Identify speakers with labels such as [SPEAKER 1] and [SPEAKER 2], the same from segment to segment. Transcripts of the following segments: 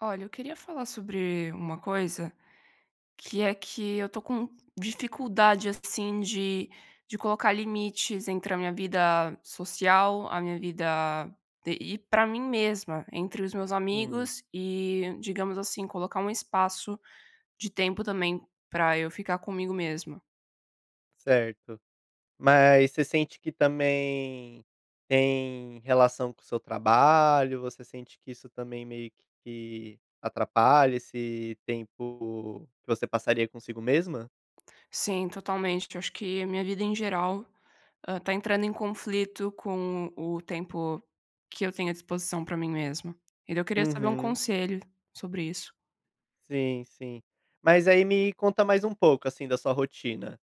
[SPEAKER 1] Olha, eu queria falar sobre uma coisa. Que é que eu estou com dificuldade, assim, de de colocar limites entre a minha vida social, a minha vida d e para mim mesma, entre os meus
[SPEAKER 2] Hum.
[SPEAKER 1] amigos, e, digamos assim, colocar um espaço de tempo, também, pra eu ficar comigo mesma.
[SPEAKER 2] Certo. Mas você sente que também tem relação com o seu trabalho, você sente que isso também meio que atrapalha esse tempo que você passaria consigo mesma?
[SPEAKER 1] Sim, totalmente, acho que a minha vida, em geral, hã, está entrando em conflito com o tempo que eu tenho à disposição para mim mesma. E daí eu queria saber um
[SPEAKER 2] Uhum.
[SPEAKER 1] conselho sobre isso.
[SPEAKER 2] Sim, sim. Mas aí, me conta mais um pouco, assim, da sua rotina.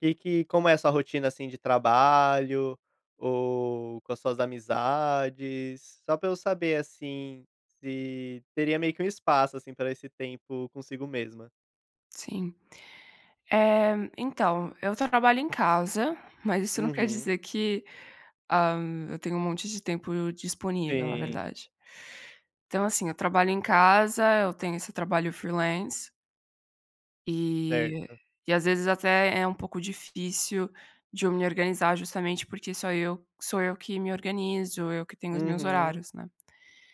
[SPEAKER 2] Que que como é a sua rotina, assim, de trabalho ou com as suas amizades? Só para eu saber, assim, se teria meio que um espaço, assim, pra esse tempo consigo mesma.
[SPEAKER 1] Sim. Eh, então eu ta trabalho em casa, mas isso não quer
[SPEAKER 2] Uhum.
[SPEAKER 1] dizer que ah, eu tenho um monte de tempo disponível na
[SPEAKER 2] Sim.
[SPEAKER 1] verdade. Então, assim eu trabalho em casa, eu tenho esse trabalho freelance eh,
[SPEAKER 2] Certo.
[SPEAKER 1] e às vezes até é um pouco difícil de eu me organizar, justamente porque só eu sou eu que me organizo, eu que tenho os meus
[SPEAKER 2] Uhum.
[SPEAKER 1] horários, né.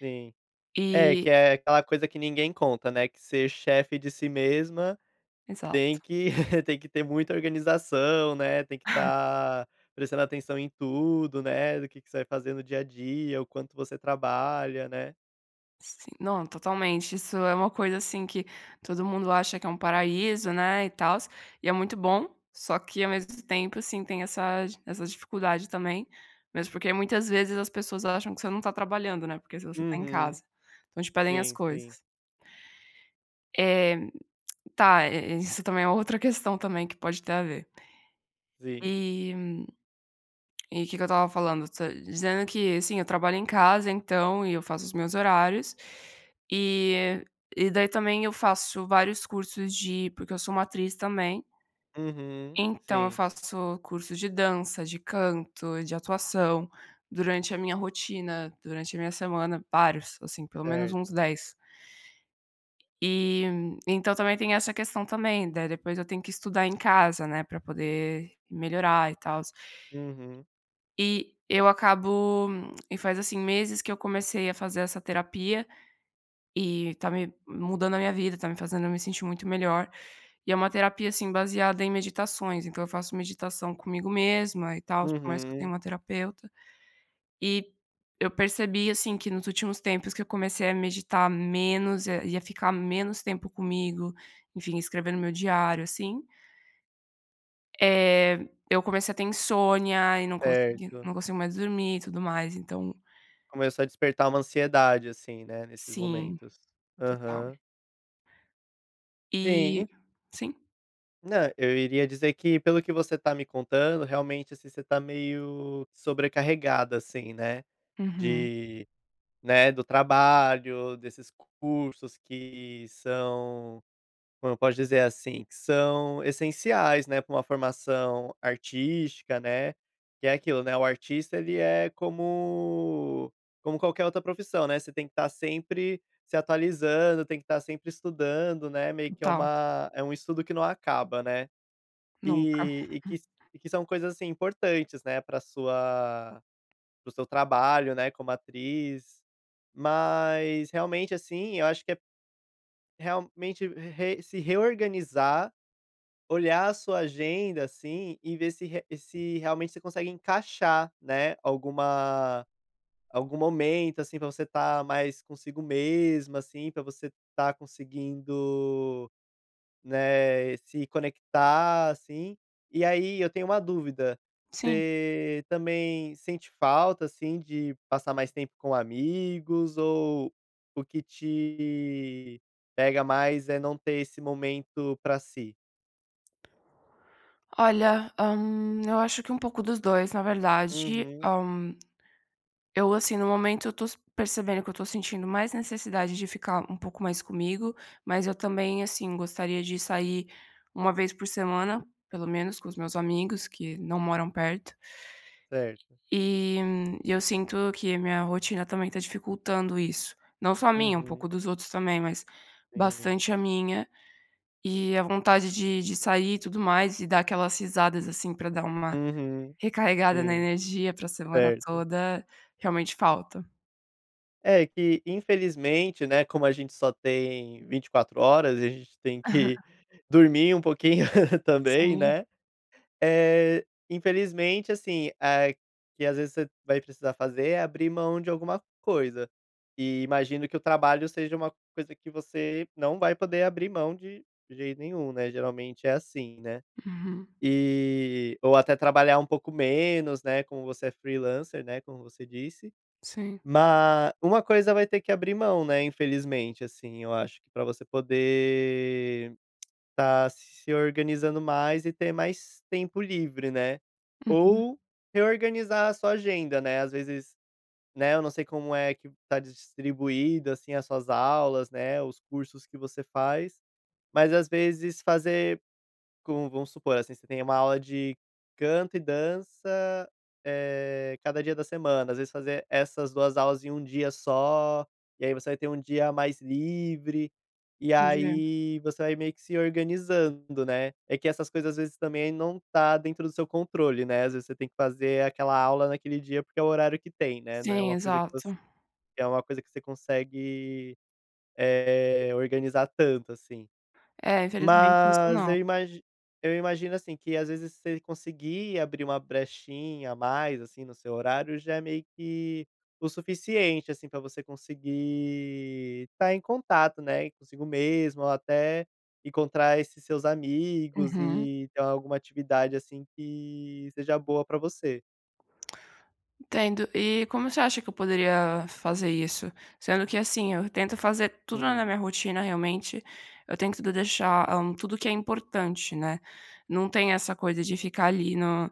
[SPEAKER 2] Sim. É
[SPEAKER 1] E
[SPEAKER 2] que é aquela coisa que ninguém conta, né, que ser chefe de si mesma tem
[SPEAKER 1] Exato.
[SPEAKER 2] que tem que ter muita organização, né, tem que tá prestando atenção em tudo, né, do que que você vai fazer no dia a dia, o quanto você trabalha, né.
[SPEAKER 1] Sim, não totalmente. Isso é uma coisa assim que todo mundo acha que é um paraíso, né, e tals, e é muito bom, só que ao mesmo tempo, sim, tem essa essa dificuldade também, mesmo porque muitas vezes as pessoas acham que você não está trabalhando, né, porque se você tá em
[SPEAKER 2] Uhum.
[SPEAKER 1] casa, então te pedem as
[SPEAKER 2] Sim, sim.
[SPEAKER 1] coisas. Éh tá, é isso também é uma outra questão também que pode ter a ver.
[SPEAKER 2] Sim.
[SPEAKER 1] E e o que que eu estava falando, dizendo que, assim, eu trabalho em casa, então e eu faço os meus horários e e daí também eu faço vários cursos de porque eu sou uma atriz também.
[SPEAKER 2] Uhum,
[SPEAKER 1] Então eu
[SPEAKER 2] sim.
[SPEAKER 1] faço curso de dança, de canto, de atuação, durante a minha rotina, durante a minha semana, vários assim, pelo menos uns
[SPEAKER 2] Certo.
[SPEAKER 1] 10. E então também tem essa questão também, daí depois eu tenho que estudar em casa, né, pra poder melhorar e tals.
[SPEAKER 2] Uhum.
[SPEAKER 1] E eu acabo e faz assim meses que eu comecei a fazer essa terapia e está me mudando a minha vida, está me fazendo eu me sentir muito melhor e é uma terapia assim, baseada em meditações, então eu faço meditação comigo mesma e tals, por mais que eu tenha
[SPEAKER 2] Uhum.
[SPEAKER 1] uma terapeuta e eu percebi assim que nos últimos tempos que eu comecei a meditar menos e a ficar menos tempo comigo, enfim, escrevendo no meu diário, assim eh, eu comecei a ter insônia e não consegui
[SPEAKER 2] Certo.
[SPEAKER 1] não consigo mais dormir e tudo mais, então
[SPEAKER 2] Começou a despertar uma ansiedade assim, né, nesses
[SPEAKER 1] Sim,
[SPEAKER 2] momentos,
[SPEAKER 1] total.
[SPEAKER 2] aham.
[SPEAKER 1] E
[SPEAKER 2] Sim.
[SPEAKER 1] sim.
[SPEAKER 2] Não, eu iria dizer que, pelo que você tá me contando, realmente assim você tá meio sobrecarregada, assim, né,
[SPEAKER 1] Uhum.
[SPEAKER 2] de né, do trabalho, desses cursos que são, como eu posso dizer assim? Que são essenciais, né, pra uma formação artística, né. Que é aquilo, né, o artista ele é como como qualquer outra profissão, né, você tem que tá sempre se atualizando, tem que tá sempre estudando, né, meio que é
[SPEAKER 1] Total.
[SPEAKER 2] uma é um estudo que não acaba, né.
[SPEAKER 1] Nunca.
[SPEAKER 2] Eh, e que s e que são coisas assim importantes, né, pra sua para o seu trabalho, né, como atriz, mas, realmente assim, eu acho que é realmente re se reorganizar, olhar a sua agenda assim, e ver se re se realmente você consegue encaixar, né, alguma algum momento assim pra você tá mais consigo mesma assim, pra você estar conseguindo, né, se conectar assim. E aí eu tenho uma dúvida:
[SPEAKER 1] Sim.
[SPEAKER 2] você também sente falta, assim, de passar mais tempo com amigos ou o que te pega mais é não ter esse momento pra si?
[SPEAKER 1] Olha, hum, eu acho que um pouco dos 2, na verdade,
[SPEAKER 2] Uhum.
[SPEAKER 1] hum. Eu assim, no momento eu estou percebendo que eu estou sentindo mais necessidade de ficar um pouco mais comigo, mas eu também, assim, gostaria de sair 1 vez por semana, pelo menos, com os meus amigos que não moram perto.
[SPEAKER 2] Certo.
[SPEAKER 1] E e eu sinto que minha rotina também tá dificultando isso. Não só a minha, um pouco
[SPEAKER 2] Uhum.
[SPEAKER 1] dos outros também, mas
[SPEAKER 2] Sim.
[SPEAKER 1] bastante a minha, e a vontade de de sair e tudo mais e dar aquelas risadas, assim, pra dar uma
[SPEAKER 2] Uhum.
[SPEAKER 1] recarregada na
[SPEAKER 2] Sim.
[SPEAKER 1] energia para a semana
[SPEAKER 2] Certo.
[SPEAKER 1] toda, realmente falta.
[SPEAKER 2] É que infelizmente, né, como a gente só tem 24 horas, e a gente tem que dormir um pouquinho também,
[SPEAKER 1] Sim.
[SPEAKER 2] né, eh, infelizmente, assim, é que às vezes você vai precisar fazer é abrir mão de alguma coisa, e imagino que o trabalho seja uma coisa que você não vai poder abrir mão de jeito nenhum, né, geralmente é assim, né.
[SPEAKER 1] Uhum.
[SPEAKER 2] E ou até trabalhar um pouco menos, né, como você é freelancer, né, como você disse.
[SPEAKER 1] Sim.
[SPEAKER 2] Ma uma coisa vai ter que abrir mão, né, infelizmente assim, eu acho que pra você poder tá se organizando mais e ter mais tempo livre, né,
[SPEAKER 1] Uhum.
[SPEAKER 2] ou reorganizar a sua agenda, né, às vezes, né, eu não sei como é que tá distribuída, assim, as suas aulas, né, os cursos que você faz, mas às vezes fazer, como vamos supor, assim, você tem uma aula de canto e dança, eh, cada dia da semana, às vezes fazer essas 2 aulas em um dia só, e aí você vai ter um dia mais livre, e
[SPEAKER 1] [unintelligible]
[SPEAKER 2] aí você vai meio que se organizando, né. É que essas coisas às vezes também não tá dentro do seu controle, né, às vezes você tem que fazer aquela aula naquele dia, porque é o horário que tem, né, não é
[SPEAKER 1] Sim,
[SPEAKER 2] uma coisa que voc
[SPEAKER 1] exato.
[SPEAKER 2] que é uma coisa que você consegue, eh, organizar tanto assim.
[SPEAKER 1] É, infelizmente isso
[SPEAKER 2] Mas
[SPEAKER 1] não.
[SPEAKER 2] eu imagi eu imagino, assim, que às vezes você conseguir abrir uma brechinha a mais, assim, no seu horário, já é meio que o suficiente, assim, pra você conseguir estar em contato, né, consigo mesmo ou até encontrar esses seus amigos
[SPEAKER 1] Uhum.
[SPEAKER 2] e ter alguma atividade, assim, que seja boa pra você.
[SPEAKER 1] Entendo. E como você acha que eu poderia fazer isso? Sendo que assim, eu tento fazer tudo na
[SPEAKER 2] Hum.
[SPEAKER 1] minha rotina, realmente, eu tento deixar, hã, tudo o que é importante, né. Não tem essa coisa de ficar ali no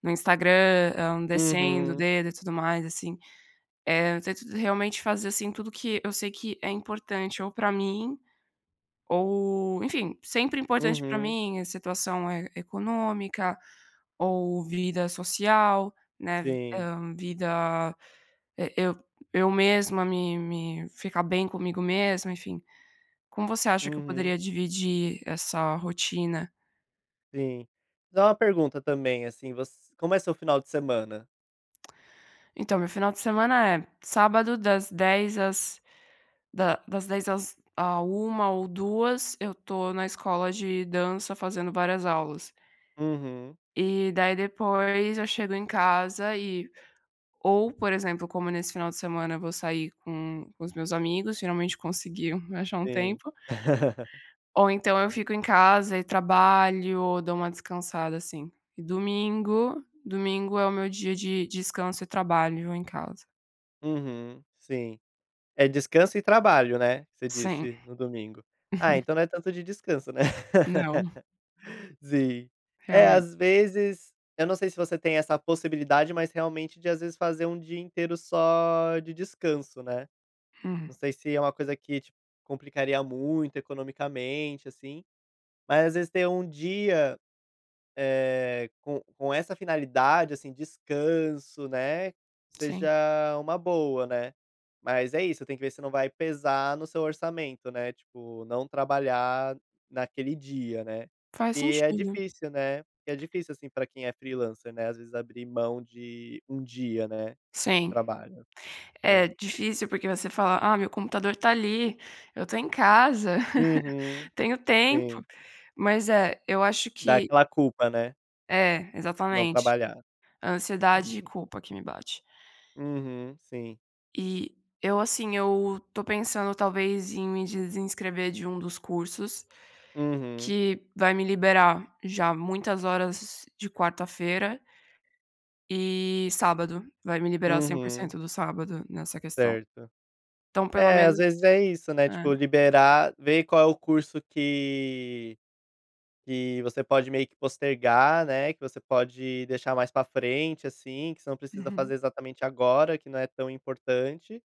[SPEAKER 1] no Instagram, hum, descendo o
[SPEAKER 2] Uhum.
[SPEAKER 1] dedo e tudo mais, assim. Eh, eu tento realmente fazer, assim, tudo que eu sei que é importante ou para mim ou, enfim, sempre importante para
[SPEAKER 2] Uhum.
[SPEAKER 1] mim, a situação é econômica ou vida social, né, vi
[SPEAKER 2] Sim.
[SPEAKER 1] hã, vida, eh, eu eu mesma me me ficar bem comigo mesma, enfim. Como você acha que eu
[SPEAKER 2] Uhum.
[SPEAKER 1] poderia dividir essa rotina?
[SPEAKER 2] Sim. Só uma pergunta também, assim voc como é o seu final de semana?
[SPEAKER 1] Então, o meu final de semana é: sábado, das 10h às da das 10h às à 1h ou 2h eu tô na escola de dança fazendo várias aulas.
[SPEAKER 2] Uhum.
[SPEAKER 1] E daí depois eu chego em casa e ou, por exemplo, como nesse final de semana eu vou sair com com os meus amigos, finalmente consegui um achar um
[SPEAKER 2] Sim.
[SPEAKER 1] tempo. Ou então eu fico em casa e trabalho ou dou uma descansada, assim. E domingo domingo é o meu dia de descanso e trabalho em casa.
[SPEAKER 2] Uhum, sim, é descanso e trabalho, né. Você
[SPEAKER 1] Sim.
[SPEAKER 2] disse, no domingo. Ah, então não é tanto de descanso, né?
[SPEAKER 1] Não.
[SPEAKER 2] Sim, é,
[SPEAKER 1] Realmente.
[SPEAKER 2] às vezes, eu não sei se você tem essa possibilidade, mas, realmente, de, às vezes, fazer um dia inteiro só de descanso, né.
[SPEAKER 1] Uhum.
[SPEAKER 2] Não sei se é uma coisa que, tipo, complicaria muito economicamente, assim, mas, às vezes, tem um dia, eh, com com essa finalidade, assim, descanso, né, seja
[SPEAKER 1] Sim.
[SPEAKER 2] uma boa, né. Mas é isso, tem que ver se não vai pesar no seu orçamento, né, tipo não trabalhar naquele dia, né.
[SPEAKER 1] Faz
[SPEAKER 2] Que é
[SPEAKER 1] sentido.
[SPEAKER 2] difícil, né, que é difícil, assim, pra quem é freelancer, né, às vezes, abrir mão de um dia, né, de
[SPEAKER 1] Sim.
[SPEAKER 2] trabalho, né.
[SPEAKER 1] É difícil porque você fala: "Ah, meu computador está ali, eu estou em casa,
[SPEAKER 2] Uhum,
[SPEAKER 1] tenho tempo".
[SPEAKER 2] sim.
[SPEAKER 1] Mas é, eu acho
[SPEAKER 2] Dá
[SPEAKER 1] que
[SPEAKER 2] aquela culpa, né?
[SPEAKER 1] É,
[SPEAKER 2] Não
[SPEAKER 1] exatamente,
[SPEAKER 2] trabalhar.
[SPEAKER 1] a ansiedade e
[SPEAKER 2] Entendi.
[SPEAKER 1] culpa que me bate.
[SPEAKER 2] Uhum, sim.
[SPEAKER 1] E eu, assim, eu estou pensando talvez em me desinscrever de um dos cursos
[SPEAKER 2] Uhum.
[SPEAKER 1] que vai me liberar já muitas horas de quarta-feira e sábado, vai me liberar o cem por
[SPEAKER 2] Uhum.
[SPEAKER 1] cento do sábado nessa questão.
[SPEAKER 2] Certo.
[SPEAKER 1] Então pelo
[SPEAKER 2] É, às
[SPEAKER 1] menos
[SPEAKER 2] vezes é isso, né, tipo,
[SPEAKER 1] É.
[SPEAKER 2] liberar, ver qual é o curso que que você pode meio que postergar, né, que você pode deixar mais para frente, assim, que você não precisa
[SPEAKER 1] Uhum.
[SPEAKER 2] fazer exatamente agora, que não é tão importante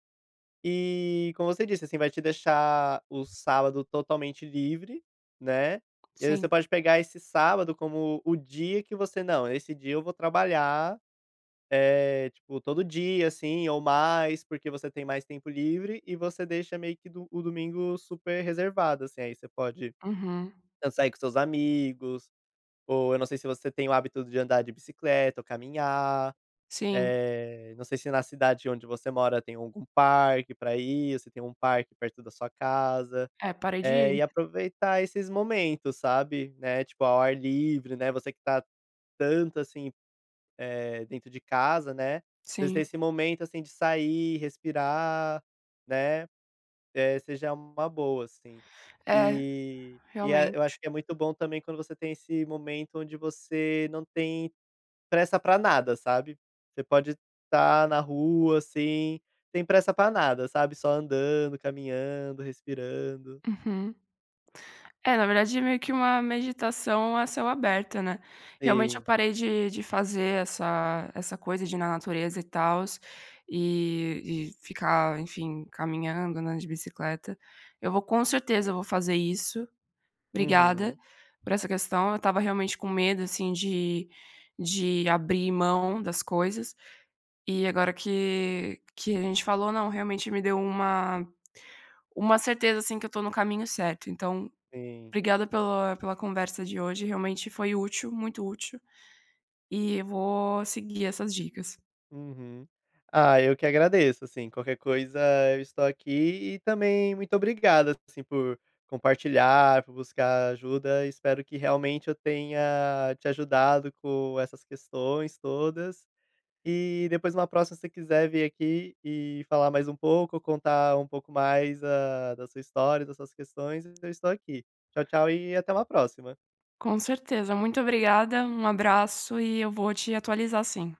[SPEAKER 2] e, como você disse, assim, vai te deixar o sábado totalmente livre, né, e aí você
[SPEAKER 1] Sim.
[SPEAKER 2] pode pegar esse sábado como o dia que você: "Não, esse dia eu vou trabalhar, eh, tipo, todo dia, assim, ou mais", porque você tem mais tempo livre e você deixa meio que do o domingo super reservado, assim, aí você pode
[SPEAKER 1] Uhum.
[SPEAKER 2] tanto sair com os seus amigos ou, eu não sei se você tem o hábito de andar de bicicleta ou caminhar.
[SPEAKER 1] Sim.
[SPEAKER 2] Eh, não sei se na cidade onde você mora tem algum parque pra ir ou se tem um parque perto da sua casa.
[SPEAKER 1] É, parei de
[SPEAKER 2] Eh, e
[SPEAKER 1] ir.
[SPEAKER 2] aproveitar esses momentos, sabe, né, tipo, ao ar livre, né, você que está tanto, assim, eh, dentro de casa, né, às vezes ter
[SPEAKER 1] Sim.
[SPEAKER 2] esse momento, assim, de sair, respirar, né, eh, seja uma boa, assim.
[SPEAKER 1] É,
[SPEAKER 2] E e é eu
[SPEAKER 1] realmente.
[SPEAKER 2] acho que é muito bom também quando você tem esse momento onde você não tem pressa para nada, sabe. Você pode tá na rua, assim, sem pressa para nada, sabe, só andando, caminhando, respirando.
[SPEAKER 1] Uhum. É, na verdade meio que uma meditação a céu aberto, né. Realmente eu
[SPEAKER 2] Sim.
[SPEAKER 1] parei de de fazer essa essa coisa de na natureza e tals, e e ficar, enfim, caminhando, andando de bicicleta. Eu vou com certeza eu vou fazer isso. Obrigada
[SPEAKER 2] Uhum.
[SPEAKER 1] por essa questão, eu estava realmente com medo assim de de abrir mão das coisas, e agora que que a gente falou, não, realmente me deu uma uma certeza, assim, que eu estou no caminho certo, então
[SPEAKER 2] Sim.
[SPEAKER 1] obrigada pela pela conversa de hoje, realmente foi útil, muito útil, e vou seguir essas dicas.
[SPEAKER 2] Uhum. Ah, eu que agradeço, assim. Qualquer coisa eu estou aqui e também muito obrigado, assim, por compartilhar, por buscar ajuda, e espero que realmente eu tenha te ajudado com essas questões todas e depois numa próxima, se você quiser vir aqui e falar mais um pouco, contar um pouco mais a da sua história e das suas questões, eu estou aqui. Tchau, tchau e até uma próxima.
[SPEAKER 1] Com certeza, muito obrigada, um abraço e eu vou te atualizar, sim.